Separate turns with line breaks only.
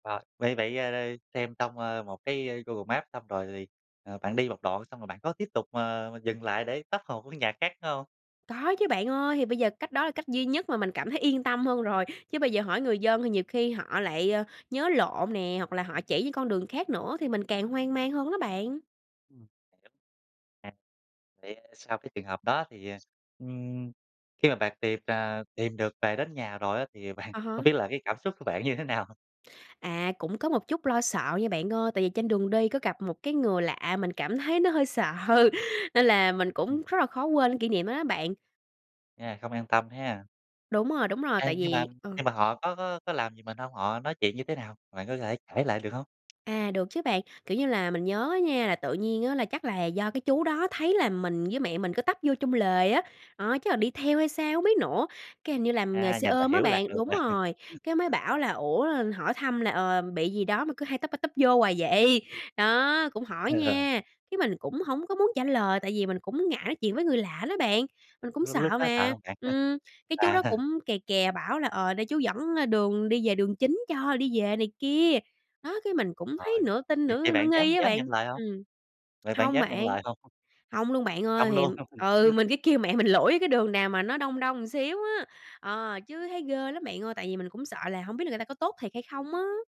Rồi, vậy vậy, ơ, là xem xong, ơ, một cái, ơ, Google Maps xong rồi thì, à, bạn đi một đoạn xong rồi bạn có tiếp tục, ờ, dừng lại để tấp hồ của nhà khác nữa hông?
Có chứ bạn ơi, thì bây giờ cách đó là cách duy nhất mà mình cảm thấy yên tâm hơn rồi, chứ bây giờ hỏi người dân thì nhiều khi họ lại, ờ, nhớ lộn nè, hoặc là họ chỉ những con đường khác nữa thì mình càng hoang mang hơn đó bạn.
Ừm, [unintelligible] À, vậy, à, sau cái trường hợp đó thì, à, ừm, khi mà bạn tìm, à, tìm được về đến nhà rồi á, thì bạn
À
hông
há.
biết là cái cảm xúc của bạn như thế nào?
À, cũng có một chút lo sợ nha bạn ơi. Tại vì trên đường đi có gặp một cái người lạ mình cảm thấy nó hơi sợ, nên là mình
Ừm.
cũng rất là khó quên cái kỷ niệm đó đó bạn.
À, không an tâm ha.
Đúng rồi, đúng rồi.
À,
Tại
nhưng mà
vì ờ
nhưng mà họ có có có làm gì mình hông? Họ nói chuyện như thế nào? Bạn có thể kể lại được hông?
À, được chứ bạn. Kiểu như là, mình nhớ á nha, là tự nhiên á là chắc là do cái chú đó thấy là mình với mẹ mình cứ tấp vô trong lề á, đó, chắc là đi theo hay sao hông biết nữa, cái hình như làm nghề
À,
xe
nhìn là
ôm á
hiểu lạc
bạn.
đường rồi.
Đúng rồi, cái mới bảo là "Ủa," hỏi thăm là, ờ, "bị gì đó mà cứ hay tấp ra tấp vô hoài vậy." Đó, cũng hỏi
Ờ.
nha, cái mình cũng hổng có muốn trả lời tại vì mình cũng ngại nói chuyện với người lạ đó bạn, mình cũng
Lúc lúc
sợ
đó sợ
mà.
hông bạn ha?
Ừm, cái chú
À.
đó cũng kè kè bảo là, ờ, để chú dẫn, ơ, đường đi về đường chính cho đi về này kia. Đó, cái mình cũng thấy
Rồi,
nửa tin
vậy vậy
nửa nửa
bạn dám
nghi á
dám nhận
bạn.
lời hông?
Ừm,
Vậy bạn
hông
dám nhận
bạn,
lời hông?
hông luôn bạn
Hông
ơi, thì
luôn.
ừ, mình cứ kêu mẹ mình lủi cái đường nào mà nó đông đông xíu á, ờ, chứ thấy ghê lắm bạn ơi, tại vì mình cũng sợ là hổng biết là người ta có tốt thiệt hay không á.